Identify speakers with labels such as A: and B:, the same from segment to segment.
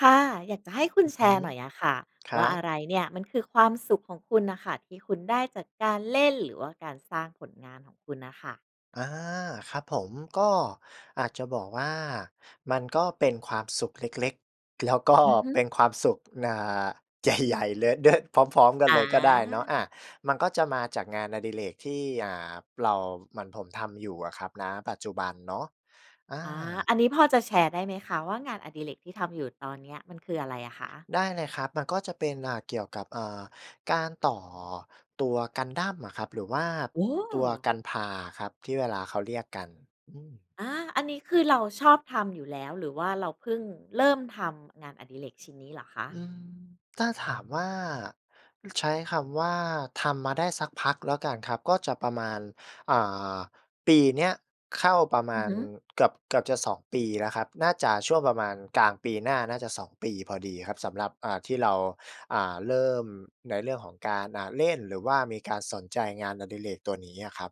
A: ค่ะ อยากจะให้คุณ
B: อือ
A: แช
B: ฮึ
A: ร์หน่อยอะค่ะ
B: คร
A: ว่า
B: ั
A: อ
B: บ
A: ะไรเนี่ยมันคือความสุขของคุณน่ะค่ะ? ที่คุณได้จากการเล่นหรือว่าการสร้างผลงานของคุณน่ะค่ะ
B: อา ครับผม ก็อาจจะบอกว่า มันก็เป็นความสุขเล็ก ๆ แล้วก็
A: อือฮ
B: เป็
A: ึ
B: นความสุข อ่า ใหญ่ ๆ เลยเด้อ พร้อม ๆ กัน
A: อ
B: เลยก็ได้เนาะ อา
A: า
B: มันก็จะมาจากงานอดิเรกที่ อ่า เรา เหมือนผมทำอยู่อะครับ ณ ปัจจุบันเนาะ อ
A: อา
B: า
A: อันนี้พอจะแชร์ได้ไหมคะว่า งานอดิเรกที่ทำอยู่ตอนเนี้ย มันคืออะไรอะคะ?
B: ได้เลยครับ มันก็จะเป็น อ่า เกี่ยวกับ เอ่อ การต่อตัวกันดั้มอะครับหรือว่า
A: โอ้
B: ตัว Gunpla อะครับ ที่เวลาเขาเรียกกัน อืม
A: อา อันนี้คือเราชอบทำอยู่แล้ว หรือว่าเราเพิ่งเริ่มทำงานอดิเรกชิ้นนี้เหรอคะ?
B: อืม ถ้าถามว่า ใช้คำว่า ทำมาได้สักพักแล้วกันครับ ก็จะประมาณ อ่า ปีเนี้ยเข้าประม
A: อื
B: า
A: อ
B: ณ
A: ฮึ
B: เกือบ เกือบจะ 2 ปีแล้วครับ น่าจะช่วงประมาณกลางปีหน้าน่าจะ 2 ปีพอดีครับ สำหรับ อ่า ที่เรา อ่า เริ่มในเรื่องของการ อ่า เล่น หรือว่ามีการสนใจงานอดิเรกตัวนี้อะครับ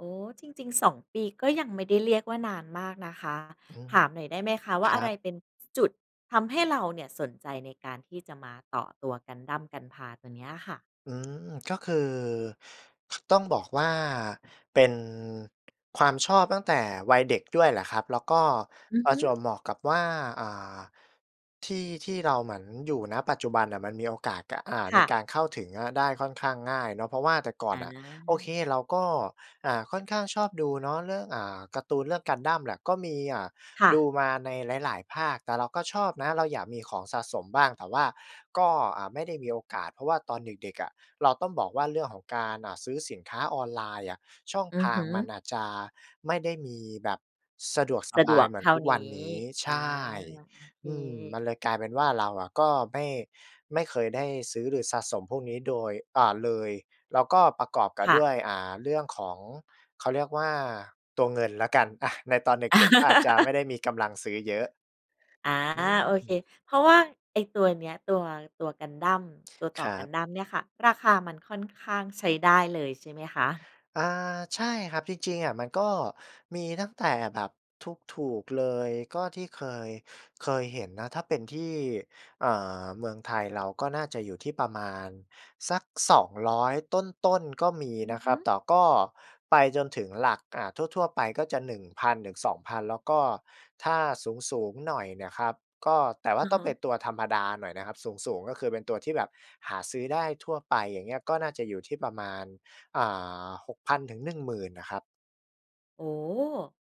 A: อ๋อ จริง ๆ 2 ปีก็ยังไม่ได้เรียกว่า นานมากนะคะ
B: อืม
A: ถามหน่อยได้ไหมคะ? ว่
B: ค
A: า
B: ร
A: อะ
B: ั
A: ไร
B: บ
A: เป็น จ จุดทำให้เราเนี่ยสนใจในการที่จะมาต่อตัว กันดั้ม Gunpla ตัวเนี้ยค่ะ
B: อืม ก็คือ ต้องบอกว่า เป็นความชอบตั้งแต่วัยเด็กด้วยแหละครับ แล้วก็
A: อือ
B: ปร
A: ฮ
B: ะ
A: ึ
B: จวบเหมาะกับว่า อ่า ที่ที่เราเหมือนอยู่ ณ ปัจจุบันน่ะมันมีโอกาส ก อ่า
A: ค
B: ใน
A: ่ะ
B: การเข้าถึงอะได้ค่อนข้างง่ายเนาะ เพราะว่าแต่ก่
A: อ
B: อนน่ะ โอเค
A: า
B: เราก็ อ่า ค่อนข้างชอบดู เนาะ เรื่อง อ่า การ์ตูนเรื่องกันดั้มแหละ ก็มี อ่า
A: ค่
B: ดู
A: ะ
B: มาในหลาย ๆ ภาค แต่เราก็ชอบนะ เราอยากมีของสะสมบ้าง แต่ว่าก็ อ่า ไม่ได้มีโอกาส เพราะว่าตอนเด็ก ๆ อะ เราต้องบอกว่า เรื่องของการ อ่า ซื้อสินค้าออนไลน์อะช่อง
A: อื
B: ท
A: อ
B: า
A: ฮ
B: ง
A: ึ
B: มันอาจจะไม่ได้มีแบบสะดวกส
A: สะ
B: บ
A: ด
B: า
A: ว
B: ย
A: ก
B: เหมื
A: เ
B: อ
A: ท
B: น
A: ่า
B: ทุก
A: นี
B: ว
A: ้
B: ันนี้
A: อ
B: ใ
A: า
B: ช่
A: โอเ
B: อืม
A: ค
B: มันเลยกลายเป็นว่า เราอะก็ไม่ ไม่เคยได้ซื้อหรือสะสมพวกนี้ โดย อ่า เลย แล้วก็ประกอบกั
A: ค
B: บ
A: ่ะ
B: ด้วย อ่า เรื่องของ เขาเรียกว่า ตัวเงินแล้วกัน อะ ในตอนเด็ก ๆ ก็อาจจะไม่ได้มีกำลังซื้อเยอะ
A: อา
B: อ
A: โอเค
B: ืม
A: เพราะว่าไอ้ตัวเนี้ย ตัว ตัวกันดั้ม ตัวต
B: ค
A: ่อ
B: รั
A: กัน
B: บ
A: ดั้มเนี่ยค่ะ ราคามันค่อนข้างใช้ได้เลย ใช่ไหมคะ?
B: อา ใช่ครับ จริง ๆ อะมันก็มีตั้งแต่แบบถูก ๆ เลย ก็ที่เคย เคยเห็นนะ ถ้าเป็นที่ อ่า เมืองไทยเราก็น่าจะอยู่ที่ประมาณสัก 200 ต้น ๆ ก็มี
A: อื
B: น
A: อ
B: ะ
A: ฮ
B: คร
A: ึ
B: ับ แต่ก็ไปจนถึงหลัก อ่า ทั่ว ๆ ไปก็จะ 1,000-2,000 แล้วก็ถ้าสูง ๆ หน่อยเนี่ยครับ ก็ แต่ว่
A: อ
B: า
A: ะ
B: ต้
A: ฮ
B: องเป็
A: ะ
B: นตัวธรรมดาหน่อยนะครับ สูง ๆ ก็คือเป็นตัวที่แบบหาซื้อได้ทั่วไป อย่างเงี้ย ก็น่าจะอยู่ที่ประมาณ อ่า 6,000-10,000 น่ะครับ
A: โอ้โฮ!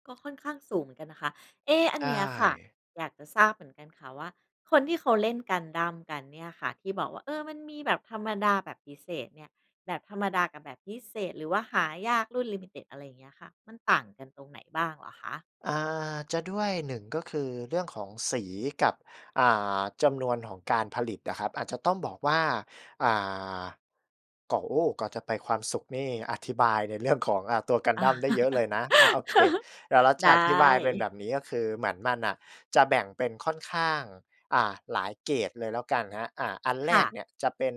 A: ก็ค่อนข้างสูงเหมือนกันนะคะ เอ๊ อั
B: ใช
A: นเนี้ยค่ะ
B: ่
A: อยากจะทราบเหมือนกันค่ะว่า คนที่เขาเล่นกันดั้มกันเนี่ยค่ะ ที่บอกว่า เออ มันมีแบบธรรมดา แบบพิเศษเนี่ย แบบธรรมดากับแบบพิเศษ หรือว่าหายากรุ่น limited อะไรอย่างเงี้ยค่ะ มันต่างกันตรงไหนบ้างเหรอคะ?
B: อ่า จะด้วย 1 ก็คือเรื่องของสีกับ อ่า จำนวนของการผลิตอะครับ อาจจะต้องบอกว่า อ่า ก่อ โอ้ ก่อนจะไปความสุขนี่อธิบายในเรื่อง ของ อ่า ตัวกันดั้มได้เยอะเลยนะ อา โอเค เดี๋ยวเรา
A: ไ
B: จ
A: ด
B: ะอธิบายเป็นแ
A: ้
B: บบนี้ ก็คือเหมือนมันน่ะจะแบ่งเป็นค่อนข้าง อ่า หลายเกรดเลยแล้วกันครับ อ่า อันแ
A: ค
B: ร
A: ่
B: ก
A: ะ
B: เนี่ยจะเป็น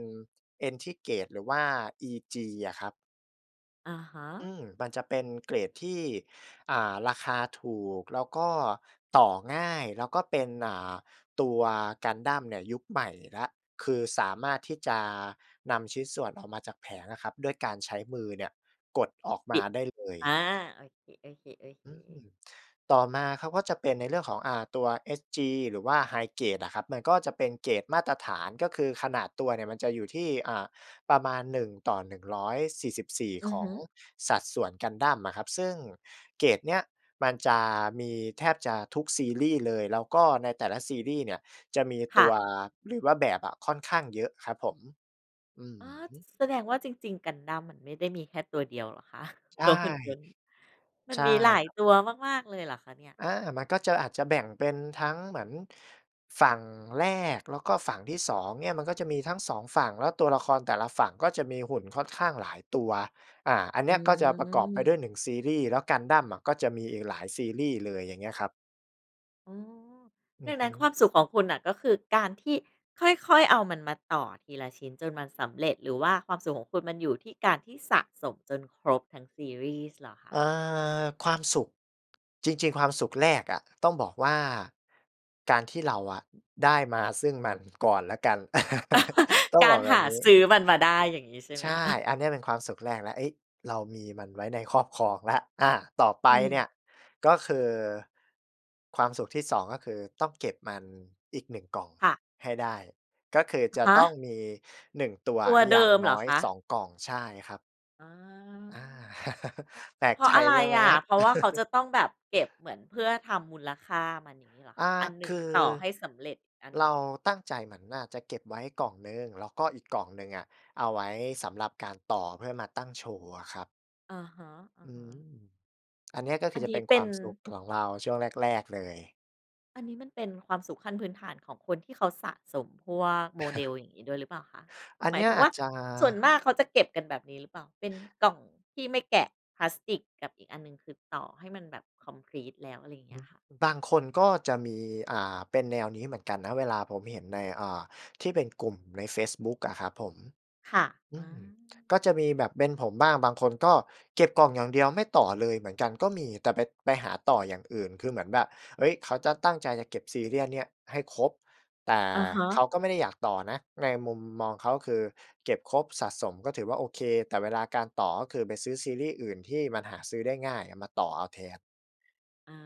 B: Entry Grade หรือว่า EG อะครับ
A: อะฮะ
B: อืม มันจะเป็นเกรดที่ อ่า ราคาถูกแล้วก็ต่อง่าย แล้วก็เป็น อ่า ตัวกันดั้มเนี่ยยุคใหม่แล้ว คือสามารถที่จะนำชิ้นส่วนออกมาจากแผงอะครับ ด้วยการใช้มือเนี่ยกดออก
A: บ
B: ม
A: ิ
B: า
A: ด
B: ได้เล
A: อา
B: ย
A: โอเค
B: อื
A: ๆ ๆ
B: ม ต่อมาเขาก็จะเป็นในเรื่องของ อ่า ตัว HG หรือว่า High Grade อะครับ มันก็จะเป็นเกรดมาตรฐาน ก็คือขนาดตัวเนี่ยมันจะอยู่ที่ อ่า ประมาณ 1:144
A: อื
B: ข
A: อ
B: อ
A: ฮึ
B: งสัดส่วนกันดั้มอะครับ ซึ่งเกรดเนี้ยมันจะมีแทบจะทุกซีรีส์เลย แล้วก็ในแต่ละซีรีส์เนี่ยจะมี
A: ค
B: ต
A: ่
B: ั
A: ะ
B: ว หรือว่าแบบอะค่อนข้างเยอะครับผม อื
A: อ
B: อ
A: ๋อ
B: ฮึ
A: แสดงว่าจริง ๆ กันดั้มมันไม่ได้มีแค่ตัวเดียวเหรอ คะ?
B: ใช
A: ต
B: ่
A: ัวหุ่นยนต์ มั
B: ใ
A: น
B: ช่
A: มีหลาย
B: ครับ
A: ตั
B: ผ
A: ว
B: ม
A: มาก ๆ เลยเหรอคะเนี่ย?
B: อา มันก็จะ อาจจะแบ่งเป็นทั้งเหมือน ฝั่งแรก แล้วก็ฝั่งที่ 2 เนี่ยมันก็จะมีทั้ง 2 ฝั่ง แล้วตัวละครแต่ละฝั่งก็จะมีหุ่นค่อนข้างหลายตัว อ่า อัน
A: อื
B: นี้อะก็จะประกอบไปด้ว
A: ม
B: ย 1 ซีรีส์ แล้วกันดั้มอะก็จะมีอีกหลายซีรีส์เลย อย่างเงี้ยครับ
A: อ๋อ
B: อ
A: ด
B: ื
A: ั
B: อ
A: ง
B: ฮ
A: นั้น
B: ึ
A: ความสุขของคุณน่ะก็คือการที่ค่อย ๆ เอามันมาต่อทีละชิ้นจนมันสำเร็จ หรือว่าความสุขของคุณมันอยู่ที่การที่สะสมจนครบทั้งซีรีส์เหรอค
B: เออ
A: ะ?
B: ความสุข จริง ๆ ความสุขแรกอะต้องบอกว่า การที่เราอะได้มาซึ่งมันก่อนแล้วกัน ต้อง
A: กา
B: บอ
A: ร
B: กแบ
A: ห
B: บ
A: า
B: นี
A: ซ
B: ้
A: ื้อมันมาได้ อย่างงี้ใช่ไ
B: ใ
A: หม
B: ช่
A: คะ?
B: อันเนี้ยเป็นความสุขแรกแล้ว เอ๊ย! เรามีมันไว้ในครอบครองแล้ว อา ต่อไป
A: อื
B: เนี
A: ม
B: ่ยก็คือ ความสุขที่ 2 ก็คือต้องเก็บมันอีกหนึ่งกล่อง
A: ค่ะ
B: ให้ได้ ก็คือ
A: อะ
B: จะ
A: ฮ
B: ต้อง
A: ะ
B: มี 1 ตัว
A: ต
B: อ
A: ั
B: ะ
A: วเ
B: อ
A: ด
B: ย่า
A: ิ
B: ง
A: มเ
B: น
A: หร
B: ้
A: อ
B: อย
A: คะ?
B: 2 กล่อง ใช่ครับ
A: อ
B: อา
A: า
B: แปล
A: เพ
B: ก
A: รา
B: ใ
A: ะ
B: จ
A: อะไร
B: ใช่ไหม
A: อะ?
B: ครับ?
A: เพราะว่าเขาจะต้องแบบเก็บเหมือนเพื่อทำมูลค่ามัน อย่างงี้เหรอ
B: อา
A: คะ? อันห
B: ค
A: นึ่ง
B: ือ
A: ต่อให้สำเร็จ อีกอัน
B: เ
A: ห
B: ร
A: นึ
B: า
A: ่ง
B: ตั้งใจเหมือนว่า จะเก็บไว้กล่องหนึ่ง แล้วก็อีกกล่องหนึ่งอะเอาไว้สำหรับการต่อเพื่อมาตั้งโชว์อะครับ
A: อะฮะ
B: อืม
A: ๆ
B: อันเนี้ยก็ค
A: อ
B: ื
A: ั
B: อ
A: น
B: จะ
A: นี้
B: เป็น
A: เป
B: ค
A: ็
B: วา
A: น
B: มสุขของเราช่วงแรก ๆ เลย
A: อันนี้มันเป็นความสุขขั้นพื้นฐานของคนที่เขาสะสมพวก model อย่างงี้ด้วยหรือเปล่าคะ?
B: อัน
A: หม
B: เ
A: า
B: น
A: ย
B: ี้ย
A: ถึง
B: อ
A: ว
B: า
A: ่
B: จ
A: า
B: จะ
A: ส่วนมากเขาจะเก็บกันแบบนี้หรือเปล่า? เป็นกล่องที่ไม่แกะพลาสติกกับอีกอันหนึ่ง คือต่อให้มันแบบ คอมพลีต แล้ว อะไรอย่างเ
B: อ
A: ง
B: ื
A: ี
B: อฮ
A: ้
B: ึ
A: ยค่ะ
B: บางคนก็จะมี อ่า เป็นแนวนี้เหมือนกันนะ เวลาผมเห็นใน อ่า ที่เป็นกลุ่มในเฟซบุ๊กอะครับผม
A: ค่ะ
B: อ
A: อา
B: ื
A: อื
B: ม ก็จ
A: อ
B: ะ
A: ฮ
B: มีแบบเป็น
A: ึ
B: ผมบ้าง บางคนก็เก็บกล่องอย่างเดียวไม่ต่อเลยเหมือนกันก็มี แต่ไป ไปหาต่ออย่างอื่น คือเหมือนแบบ เฮ้ย เขาจะตั้งใจจะเก็บ serial เนี่ยให้ครบ แต่
A: อะฮ
B: เข
A: ะ
B: าก็ไม่ได้อยากต่อนะ ในมุมมองเขาคือเก็บครบ สะสม ก็ถือว่าโอเค แต่เวลาการต่อ ก็คือไปซื้อซีรีส์อื่นที่มันหาซื้อได้ง่ายอะมาต่อเอาแทน
A: อา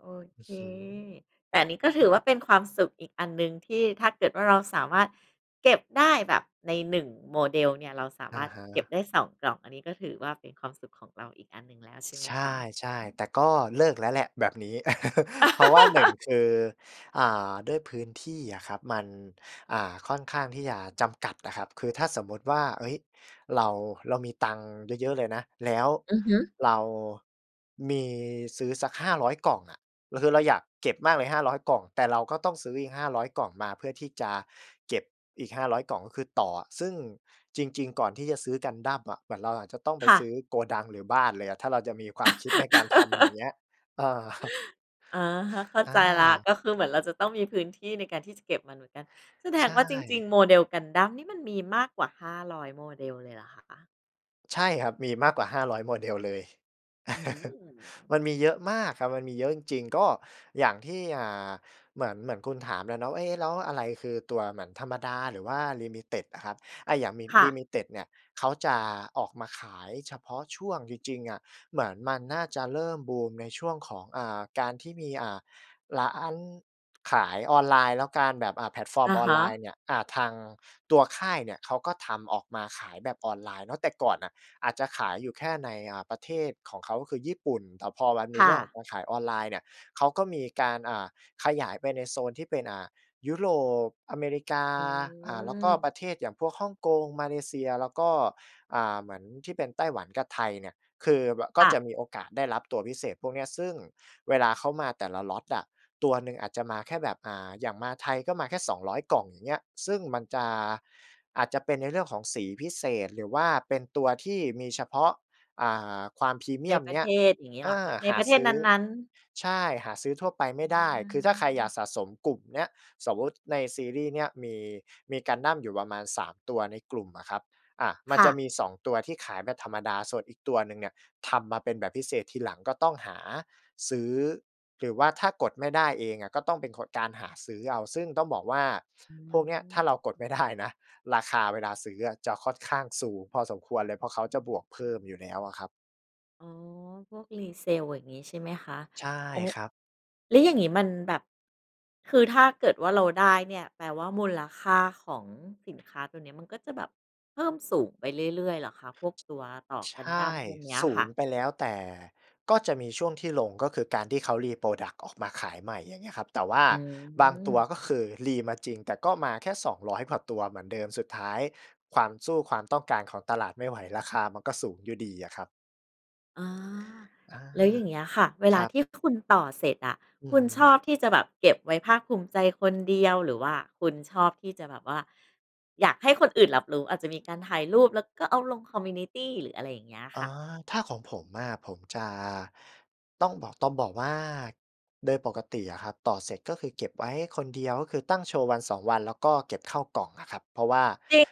A: โอ
B: อ
A: เ
B: ื
A: ค
B: อฮึ
A: แต่นี้ก็ถ
B: อ
A: ื
B: ื
A: อว่
B: ม
A: าเป็นความสุขอีกอันหนึ่ง ที่ถ้าเกิดว่าเราสามารถเก็บได้แบบใน 1 model เนี่ย เราสา
B: อ
A: มา
B: ะ
A: รถ
B: ฮ
A: เก็บ
B: ะ
A: ได้ 2 กล่อง อันนี้ก็ถือว่าเป็นความสุขของเราอีกอันหนึ่งแล้วใช่ไหม
B: ใช
A: คะ?
B: ่
A: อือฮ
B: ๆ
A: ึ
B: แต่ก็เลิกแล้วแหละแบบนี้ เพราะว่า 1 คือ อ่า ด้วยพื้นที่อะครับ มัน อ่า ค่อนข้างที่จะจำกัดอะครับ คือถ้าสมมุติว่า เฮ้ย เรา เรามีตังค์เยอะ ๆ เลยนะ แล้ว
A: อือฮึ
B: เรา มีซื้อสัก 500 กล่องอะ เราคือเราอยากเก็บมากเลย 500 กล่อง แต่เราก็ต้องซื้ออีก 500 กล่องมาเพื่อที่จะเก็บอีก 500 กล่อง ก็คือต่ออะ ซึ่งจริง ๆ ก่อนที่จะซื้อ Gundam อะ เหมือนเราอาจจะต้องไป
A: ค่
B: ซื้
A: ะ
B: อโกดังหรือบ้านเลยอะ ถ้าเราจะมีความคิดในการทำอย่างเงี้ย เออ
A: อะฮะ เข้า
B: อ
A: ใจแล้ว
B: า
A: ก็คือเหมือนเราจะต้องมีพื้นที่ในการที่จะเก็บมันเหมือนกัน แสด
B: ใช
A: งว่าจริง
B: ่
A: ๆ model Gundam นี่มันมีมากกว่า 500 model เลยเหรอคะ?
B: ใช่ครับ มีมากกว่า 500 Model เลย
A: อืม
B: มันมีเยอะมากครับ มันมีเยอะจริง ๆ ก็อย่างที่ อ่า เหมือน เหมือนคุณถามแหละเนาะว่า เอ๊ แล้วอะไรคือตัวเหมือนธรรมดาหรือว่า ลิมิติด อะครับ อะ อย่างมิ
A: ค่
B: ลิ
A: ะ
B: มิติด เนี่ยเขาจะออกมาขายเฉพาะช่วงจริง ๆ อะ เหมือนมันน่าจะเริ่มบูมในช่วงของ อ่า การที่มี อ่า ร้านขายออนไลน์ แล้วการแบบ อะ แพลตฟอร
A: อ
B: ์ม
A: ะ
B: ออ
A: ฮ
B: นไลน
A: ะ
B: ์เนี่ย อา ทางตัวค่ายเนี่ยเขาก็ทำออกมาขายแบบออนไลน์เนาะ แต่ก่อนน่ะอาจจะขายอยู่แค่ใน อ่า ประเทศของเขาก็คือญี่ปุ่น แต่พอมันม
A: ค
B: ี
A: ่
B: เรื่องขอ
A: ะ
B: งการขายออนไลน์เนี่ย เขาก็มีการ อ่า ขยายไปในโซนที่เป็น อ่า ยุโรป อเมริกา
A: อ
B: อ่า แล้วก็ป
A: ืม
B: ระเทศอย่างพวกฮ่องกง มาเลเซีย แล้วก็ อ่า เหมือนที่เป็นไต้หวันกับไทยเนี่ย คือแบบ ก็
A: ค่
B: จ
A: ะ
B: ะมีโอกาสได้รับตัวพิเศษพวกเนี้ย ซึ่งเวลาเขามาแต่ละ Lot อะ ตัวหนึ่งอาจจะมาแค่แบบ อ่า อย่างมาไทยก็มาแค่ 200 กล่อง อย่างเงี้ย ซึ่งมันจะ อาจจะเป็นในเรื่องของสีพิเศษหรือว่าเป็นตัวที่มีเฉพาะ อ่า ความพรีเม
A: ใน
B: ียม
A: ปร
B: เ
A: ะ
B: นี
A: เ
B: ้
A: ท
B: ย
A: ศอย่างงี้
B: เอ
A: เหรอค
B: อ
A: ะ? ใน
B: ห
A: ป
B: า
A: ระเท
B: ซ
A: ศ
B: ื้อ
A: นั้น ๆ
B: ใช่ หาซื้อทั่วไปไม
A: อ
B: ่ได้ คือถ้าใครอยา
A: ืม
B: กสะสมกลุ่มเนี้ย สมมุติในซีรีส์เนี้ยมี มีกันดั้มอยู่ประมาณ 3 ตัวในกลุ่มอะครับ อะ มั
A: ค
B: น
A: ่
B: จะ
A: ะ
B: มี 2 ตัวที่ขายแบบธรรมดา ส่วนอีกตัวหนึ่งเนี่ยทำมาเป็นแบบพิเศษทีหลัง ก็ต้องหาซื้อ หรือว่าถ้ากดไม่ได้เองอะก็ต้องเป็นคน การหาซื้อเอา ซึ่งต้องบอกว่า
A: อื
B: พวกเนี้ย ถ้าเรากด
A: ม
B: ไม่ได้นะ ราคาเวลาซื้ออะจะค่อนข้างสูงพอสมควรเลย เพราะเขาจะบวกเพิ่มอยู่แล้วอะครับ
A: อ๋อ พวก resale อย่างงี้ใช่ไหมคะ?
B: ใช่
A: โอ้
B: ครับ
A: แล้วอย่างงี้มันแบบ คือถ้าเกิดว่าเราได้เนี่ย แปลว่ามูลค่าของสินค้าตัวเนี้ย มันก็จะแบบเพิ่มสูงไปเรื่อย ๆ เหรอคะ พวกตัวต่อ
B: ใ
A: ก
B: ช
A: ันดั้
B: ่
A: มพวกเนี้ย
B: สู
A: ค่
B: ง
A: ะ?
B: ไปแล้ว แต่ก็จะมีช่วงที่ลง ก็คือการที่เขา reproduct ออกมาขายใหม่ อย่างเงี้ยครับ แต่ว่า
A: อื
B: บางตัว
A: ม
B: ก็คือ re มาจริง แต่ก็มาแค่ 200 กว่าตัวเหมือนเดิม สุดท้ายความ สู้ความต้องการของตลาดไม่ไหว ราคามันก็สูงอยู่ดีอะครับ
A: อ๋อ
B: อา
A: แล้วอย่างเงี้ยค่ะ เว
B: ค
A: ลา
B: รับ
A: ที่คุณต่อเสร็จอะ
B: อื
A: ค
B: อ
A: ุณ
B: ฮ
A: ช
B: ึ
A: อบที่จะแบบเก็บไว้ภาคภูมิใจคนเดียว หรือว่าคุณชอบที่จะแบบว่าอยากให้คนอื่นรับรู้ อาจจะมีการถ่ายรูปแล้วก็เอาลง คอมมิวนิตี หรืออะไรอย่างเงี้ย
B: อ
A: ค
B: ๋อ
A: ่ะ?
B: ถ้าของผมอะ ผมจะ ต้องบอก ต้องบอกว่าโดยปกติอะครับ ต่อเสร็จก็คือเก็บไว้คนเดียว ก็คือตั้งโชว์ 1-2 วัน แล้วก็เก็บเข้ากล่องอะครับ เพราะว่า
A: จริง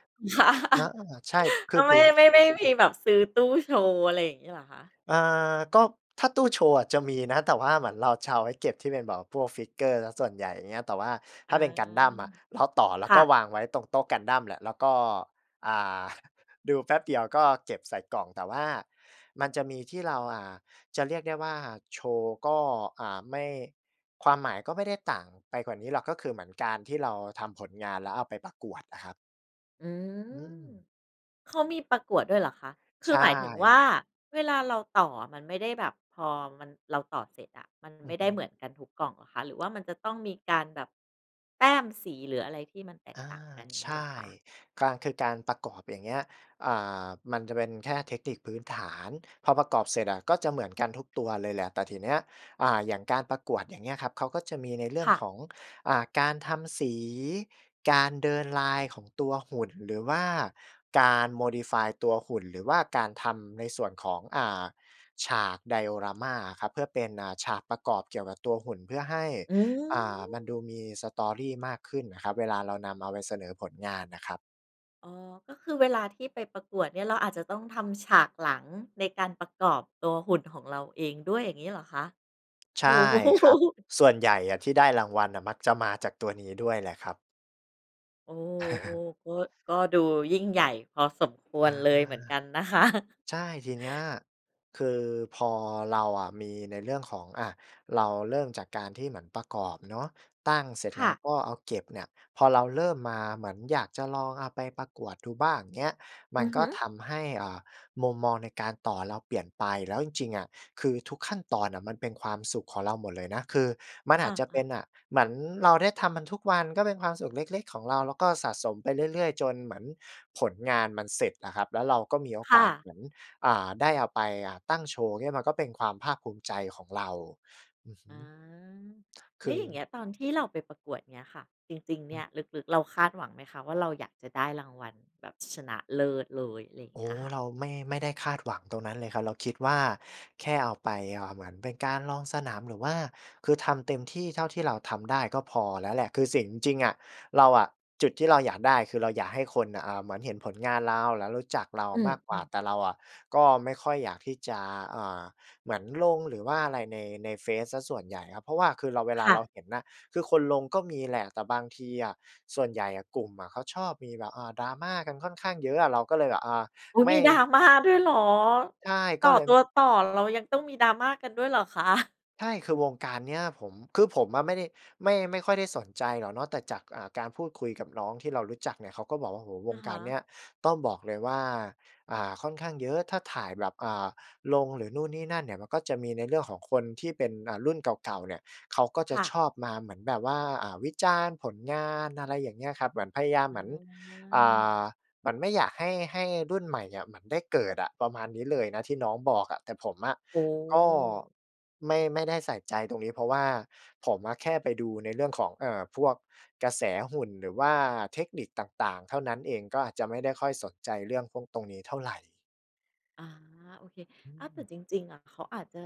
B: อา ใช่ ค
A: แล
B: ือ
A: ้วไ
B: พ
A: ม
B: ื
A: ่
B: ้น
A: ไม่ ไม่มีแบบซื้อตู้โชว์ อะไรอย่างงี้เหรอคะ?
B: อ่า ก็ ถ้าตู้โชว์อะจะมีนะ แต่ว่าเหมือนเราจะเอาไว้เก็บที่เป็นแบบพวก figure เสียส่วนใหญ่ อย่างเงี้ย แต่ว่า
A: อ
B: ถ
A: ๋
B: ้
A: อ
B: าเป็นกันดั้มอะ เราต่อแล้ว
A: ค่
B: ก็
A: ะ
B: วางไว้ตรงโต๊ะกันดั้มแหละ แล้วก็ อ่า ดูแป๊บเดียวก็เก็บใส่กล่อง แต่ว่ามันจะมีที่เรา อ่า จะเรียกได้ว่าโชว์ก็ อ่า ไม่ ความหมายก็ไม่ได้ต่างไปกว่านี้หรอก ก็คือเหมือนการที่เราทำผลงาน แล้วเอาไปประกวดอะครับ
A: อื
B: อื
A: ม
B: ม
A: เขามีประกวดด้วยเหรอคะ? ค
B: ใ
A: ื
B: ช
A: อหมายถึงว่า
B: ่
A: เวลาเราต่ออะมันไม่ได้แบบ พอมัน เราต่อเสร็จอะมัน
B: อ
A: ไ
B: ื
A: ม
B: อ
A: ่ไ
B: ฮ
A: ด้
B: ึ
A: เหมือนกันทุกกล่องเหรอคะ? หรือว่ามันจะต้องมีการแบบแต้มสี หรืออะไรที่มันแต
B: อ
A: กต่าง
B: า
A: กัน อย่าง
B: ใช
A: งี้เหร
B: ่
A: อคะ?
B: การ คือการประกอบอย่างเงี้ย อ่า มันจะเป็นแค่เทคนิคพื้นฐาน พอประกอบเสร็จอะก็จะเหมือนกันทุกตัวเลยแหละ แต่ทีเนี้ย อ่า อย่างการประกวด อย่างเงี้ยครับ เขาก็จะมีในเรื่
A: ค
B: อง
A: ่
B: ข
A: ะ
B: อง อ่า การทำสี การเดินไลน์ของตัวหุ่นหรือว่าการ Modify ตัวหุ่น หรือว่าการทำในส่วนของ อ่า ฉาก Diorama ครับ เพื่อเป็น อ่า ฉากประกอบเกี่ยวกับตัว หุ่นเพื่อให้
A: อื
B: อ่า มัน
A: ม
B: ดูมี Story มากขึ้นน่ะครับเวลาเรานำเอาไปเสนอผลงานน่ะครับ
A: อ๋อ ก็คือเวลาที่ไปประกวดเนี่ยเราอาจจะต้องทำฉากหลังในการประกอบตัวหุ่นของเราเองด้วย อย่างงี้เหรอคะ?
B: ใ
A: โ
B: ช
A: อ
B: ่
A: ้โฮ
B: ครับ ส่วนใหญ่อะที่ได้รางวัลน่ะ มักจะมาจากตัวนี้ด้วยแหละครับ
A: โอ้ ๆ ก็ ก็ดูยิ่งใหญ่พอสมคว
B: อ
A: ร
B: า
A: เลยเหมือนกันนะ คะ
B: ใช่ ทีเนี้ย คือพอเราอะมีในเรื่องของ อะ เราเริ่มจากการที่เหมือนประกอบเนาะ ตั้งเสร็จ
A: ค
B: แล้
A: ่
B: ว
A: ะ
B: ก็เอาเก็บเนี่ย พอเราเริ่มมา เหมือนอยากจะลองเอาไปประกวดดูบ้าง เงี้ย มั
A: อ
B: น
A: ือ
B: ก
A: ฮ
B: ็
A: ึ
B: ทำให้ อ่า มุมมองในการต่อเราเปลี่ยนไป แล้วจริง ๆ อะคือทุกขั้นตอนน่ะมันเป็นความสุขของเราหมด เลยนะ คือมันอ
A: อ
B: าจจะเป
A: า
B: ็น
A: ๆ
B: น่ะ เหมือนเราได้ทำมันทุกวันก็เป็นความสุขเล็ก ๆ ของเรา แล้วก็สะสมไปเรื่อย ๆ จนเหมือนผลงานมันเสร็จอะครับ แล้วเราก็มีโอ
A: ค
B: ก
A: ่
B: าส
A: ะ
B: เหมือน อ่า ได้เอาไป อ่า ตั้งโชว์ เงี้ย มันก็เป็นความภาคภูมิใจของเรา อือฮ
A: อ
B: ึ
A: ืม แล
B: ค
A: ้วอย่างเ
B: ือ
A: งี้ยตอนที่เราไปประกวด เงี้ยค่ะ จริง ๆ เนี่ยลึก ๆ เราคาดหวังไหมคะ? ว่า เราอยากจะได้รางวัลแบบชนะเลิศเลย ไร
B: โอ
A: เง
B: ้
A: ี้ย
B: โฮ
A: ค่ะ
B: เราไม่ ไม่ได้คาดหวังตรงนั้นเลยครับ เราคิด ว่า แค่เอาไป เอ่อ เหมือนเป็นการลองสนาม หรือว่า คือทำเต็มที่เท่าที่เราทำได้ก็พอแล้วแหละ คือสิ่ง จริง ๆ อะเราอะ จุดที่เราอยากได้คือเราอยากให้คนน่ะ อ่า เหมือนเห็นผลงานเรา แล้วรู้จักเรา
A: อื
B: มากกว่า
A: ม ๆ
B: แต่เราอะก็ไม่ค่อยอยากที่จะ อ่า เหมือนลงหรือว่าอะไรใน ในเฟซเสียส่วนใหญ่ครับ เพราะว่า คือเรา เวล
A: ค
B: า
A: ่
B: เรา
A: ะ
B: เห็นนะ คือคนลงก็มีแหละ แต่บางทีอะส่วนใหญ่อะกลุ่มอะเขาชอบมีแบบ อ่า Drama กันค่อนข้างเยอะอะ เราก็เลยแบบ อ่า ไม
A: อุ๊ย มี
B: ่
A: Drama ด้วยเหรอ?
B: ใช่
A: ต
B: ก
A: ่
B: ็
A: อ
B: เลย
A: ตั
B: ม
A: วต่อเรายังต้องมี Drama กันด้วยเหรอคะ?
B: ใช่ คือวงการเนี้ยผม คือผมอะไม่ได้ ไม่ ไม่ค่อยได้สนใจหรอกเนาะ แต่จาก อ่า การพูดคุยกับน้องที่เรารู้จักเนี่ยเขาก็บอกว่า โอ้โฮ ว
A: อะ
B: ง
A: ฮ
B: การเนี
A: ะ
B: ้ยต้องบอกเลยว่า อ่า ค่อนข้างเยอะ ถ้าถ่ายแบบ อ่า ลงหรือนู่นนี่นั่นเนี่ยมันก็จะมีในเรื่องของคนที่เป็น อ่า รุ่นเก่า ๆ เนี่ยเขาก็จะ
A: ค่
B: ช
A: ะ
B: อบมาเหมือนแบบว่า อ่า วิจารณ์ผลงาน อะไรอย่างเงี้ยครับ เหมือนพยายาม
A: อื
B: เหมือน อ่า
A: ม
B: เหมือนไม่อยากให้ ให้รุ่นใหม่อะเหมือนได้เกิดอะ ประมาณนี้เลยนะที่น้องบอกอะ แต่ผมอะ
A: โอ้
B: ก็
A: โฮ
B: ไม่ ไม่ได้ใส่ใจตรงนี้ เพราะว่าผมอะแค่ไปดูในเรื่องของ เอ่อ พวกกระแสหุ่นหรือว่าเทคนิคต่าง ๆ เท่านั้นเอง ก็อาจจะไม่ได้ค่อยสนใจเรื่องพวกตรงนี้เท่าไร
A: อา โอเค
B: อ
A: อา แต่
B: ืม
A: จริง ๆ อะ เขาอาจจะ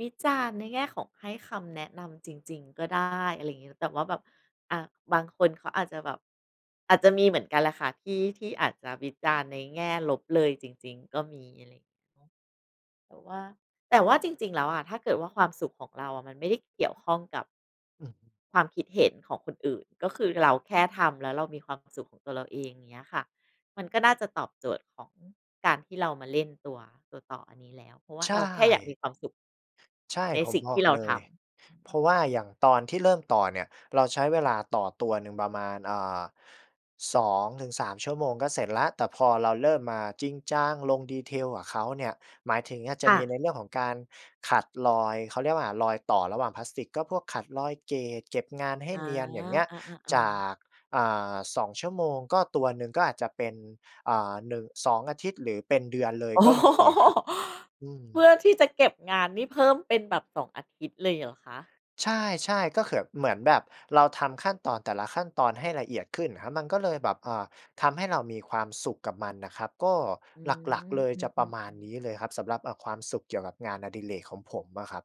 A: วิจารณ์ในแง่ของให้คำแนะนำจริง ๆ ก็ได้ อะไรอย่างงี้ แต่ว่าแบบ อะ บางคนเขาอาจจะแบบ อาจจะมีเหมือนกันแหละค่ะ ที่ ที่อาจจะวิจารณ์ในแง่ลบเลยจริง ๆ ก็มี อะไรอย่างนี้ แต่ว่า แต่ว่าจริง ๆ แล้วอะ ถ้าเกิดว่าความสุขของเราอะมันไม่ได้เกี่ยวข้องกับ
B: อือฮึ
A: ความคิดเห็นของคนอื่น ก็คือเราแค่ทำแล้วเรามีความสุขของตัวเราเอง อย่างงี้อะค่ะ มันก็น่าจะตอบโจทย์ของการที่เรามาเล่นตัว ตัวต่ออันนี้แล้ว เพราะว่า
B: ใช
A: เราแค่อยากม
B: ่
A: ีความสุข
B: ใช่
A: ใน
B: ผ
A: ส
B: ม
A: ิ่ง
B: บ
A: ท
B: อ
A: ี่
B: ก
A: เรา
B: เล
A: ทำ
B: ย
A: อือ
B: เ
A: ฮ
B: พ
A: ึ
B: ราะว่าอย่างตอนที่เริ่มต่อเนี่ย เราใช้เวลาต่อตัวหนึ่งประมาณ อ่า 2-3 ชั่วโมงก็เสร็จแล้ว แต่พอเราเริ่มมาจริงจังลง detail กับเขาเนี่ย หมายถึงอาจจ
A: ค
B: ะ
A: ่
B: มี
A: ะ
B: ในเรื่องของการขัดรอย เขาเรียกว่า รอยต่อระหว่างพลาสติก ก็พวกขัดรอย gate เก็บงานให้
A: อา
B: เนียน อย่างเงี้ย
A: อะ ๆ อ
B: จา
A: า
B: ก อ่า 2 ชั่วโมง ก็ ตัวหนึ่งก็อาจจะเป็น อ่า หนึ่ง 2 อาทิตย์ หรือเป็นเดือนเลย
A: โอ้
B: ก็
A: โฮ
B: มีอะครับ อื
A: เพื
B: ม
A: ่อที่จะเก็บงานนี่เพิ่มเป็นแบบ 2 อาทิตย์เลยเหรอคะ?
B: ใช่ ๆ ก็คือแบบ เหมือนแบบเราทำขั้นตอนแต่ละขั้นตอนให้ละเอียดขึ้นครับ มันก็เลยแบบ อ่า ทำให้เรามีความสุขกับมันน่ะครับ ก็
A: อื
B: หลัก
A: ม
B: ๆ เลย
A: อื
B: จะประ
A: ม
B: มาณ
A: ๆ
B: น
A: ๆ
B: ี้เลยครับ สำหรับ เออ ความสุขเกี่ยวกับงานอดิเรกของผมอะครับ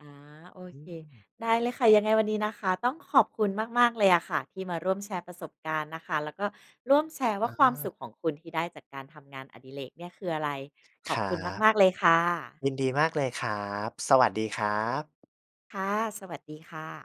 A: อา โอ
B: อื
A: เค
B: ม
A: ได้เลยค่ะ ยังไงวันนี้นะคะ ต้องขอบคุณมาก ๆ เลยอะค่ะที่มาร่วมแชร์ประสบการณ์นะคะ แล้วก็ร่วมแชร์ว่
B: อ
A: า ความส
B: า
A: ุขของคุณที่ได้จากการทำงานอดิเรกเนี่ยคืออะไร ข
B: ค
A: อบ
B: รั
A: คุณ
B: บ
A: มาก ๆ เลยค่ะ
B: ยินดีมากเลยครับ สวัสดีครับ
A: ค่ะ สวัสดีค่ะ